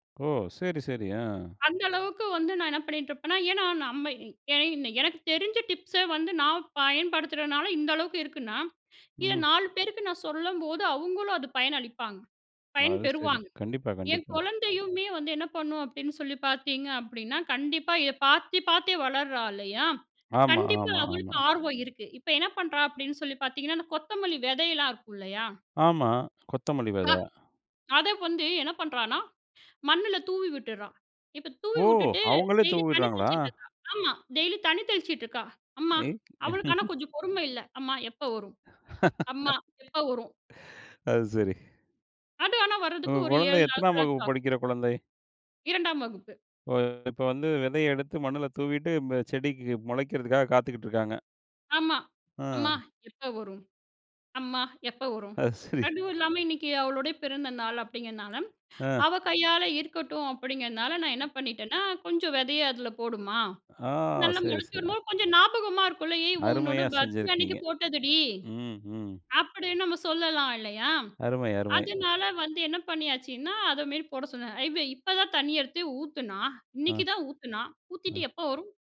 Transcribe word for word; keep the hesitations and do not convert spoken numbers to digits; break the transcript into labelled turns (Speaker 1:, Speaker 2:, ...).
Speaker 1: ஓ! சரி, சரி. ஆ.
Speaker 2: அந்த அளவுக்கு வந்து நான் என்ன பண்ணிட்டுருப்பேன்னா ஏன்னா, நம்ம என எனக்கு தெரிஞ்ச டிப்ஸ வந்து நான் பயன்படுத்துறனால இந்த அளவுக்கு இருக்குன்னா, இத
Speaker 1: ம்.
Speaker 2: நாலு பேருக்கு நான் சொல்லும்போது, அவுங்களும் அது பயனளிப்பாங்க. பயன்
Speaker 1: அது சரி.
Speaker 2: பெறுவாங்க.
Speaker 1: கண்டிப்பா,
Speaker 2: என்
Speaker 1: கண்டிப்பா.
Speaker 2: குழந்தையுமே வந்து என்ன பண்ணும் அப்பிடின்னு சொல்லி பார்த்தீங்க அப்பிடின்னா, கண்டிப்பா இத பார்த்து, பார்த்தே வளர்றா இல்லயா!
Speaker 1: ஆமா,
Speaker 2: கண்டிப்பா
Speaker 1: ஆமா,
Speaker 2: அவளுக்கு
Speaker 1: ஆமா.
Speaker 2: ஆர்வம் இருக்கு. இப்ப என்ன பண்றா? அப்பிடின்னு சொல்லி பார்த்தீங்கன்னா, அந்த கொத்தமல்லி விதையெல்லாம் இருக்கு இல்லயா!
Speaker 1: ஆமா. கொத்தமல்லி
Speaker 2: ஆ,
Speaker 1: விதை.
Speaker 2: அத வந்து என்ன பண்றான்னா, மண்ல தூவி விட்டுட்றா! இப்ப தூவி
Speaker 1: ஓ!
Speaker 2: விட்டுட்டு
Speaker 1: அவுங்களே
Speaker 2: டெய்லி தண்ணி
Speaker 1: தூவிட்றாங்களா?
Speaker 2: தெளிச்சிட்டுருக்கா! ஆமா டெய்லி தண்ணி தெளிச்சிட்டுருக்கா! அம்மா!
Speaker 1: ம்.
Speaker 2: அவளுக்கு ஆனா கொஞ்சம் பொறும இல்ல. "அம்மா எப்ப வரும்? அம்மா எப்போ வரும்?"
Speaker 1: அது சரி.
Speaker 2: அது ஆனா வர்றதுக்கு
Speaker 1: உங்க
Speaker 2: ஒரு
Speaker 1: குழந்த
Speaker 2: ஏழு
Speaker 1: எத்தனாம் வகுப்பு
Speaker 2: நாட்களாச்சும் ஆகும்.
Speaker 1: படிக்கிற குழந்தை?
Speaker 2: இரண்டாம் வகுப்பு.
Speaker 1: ஓ! இப்ப வந்து விதைய எடுத்து மண்ணுல தூவிட்டு அ செடிக்கு முளைக்கிறதுக்காக காத்துக்கிட்டு இருக்காங்க.
Speaker 2: ஆமா.
Speaker 1: ஆ.
Speaker 2: "அம்மா! எப்ப வரும்? அம்மா! எப்ப வரும்?"
Speaker 1: அது சரி.
Speaker 2: அதுவும் இல்லாம இன்னக்கி அவளோட பிறந்த நாள் அப்பிடிங்கிறனால
Speaker 1: ஆ.
Speaker 2: அவ கையால இருக்கட்டும் அப்பிடிங்கிறனால நான் என்ன பண்ணிட்டேன்னா, "கொஞ்சம் விதைய அதில போடும்மா!
Speaker 1: ஆ
Speaker 2: நல்லா
Speaker 1: சரி,
Speaker 2: முளச்சு
Speaker 1: சரி. அ.
Speaker 2: வரும்போது, கொஞ்சம் ஞாபகமா இருக்கும்ல ஏய்! உன்னோட
Speaker 1: அருமையா
Speaker 2: பர்த்டே அன்னக்கி
Speaker 1: செஞ்சிருக்கீங்க.
Speaker 2: போட்டதுடி!
Speaker 1: ம், ம்.
Speaker 2: "அப்பிடின்னு நம்ம சொல்லலாம் இல்லயா!
Speaker 1: அருமை, அருமை.
Speaker 2: அதனால வந்து என்ன பண்ணியாச்சுன்னா, அத மாரி போட சொன்ன. இவ இப்பதான் தண்ணி எடுத்து ஊத்துன்னா,
Speaker 1: ஆ.
Speaker 2: இன்னக்கி தான் ஊத்துன்னா.
Speaker 1: அ.
Speaker 2: ஊத்திட்டு "எப்ப வரும்?"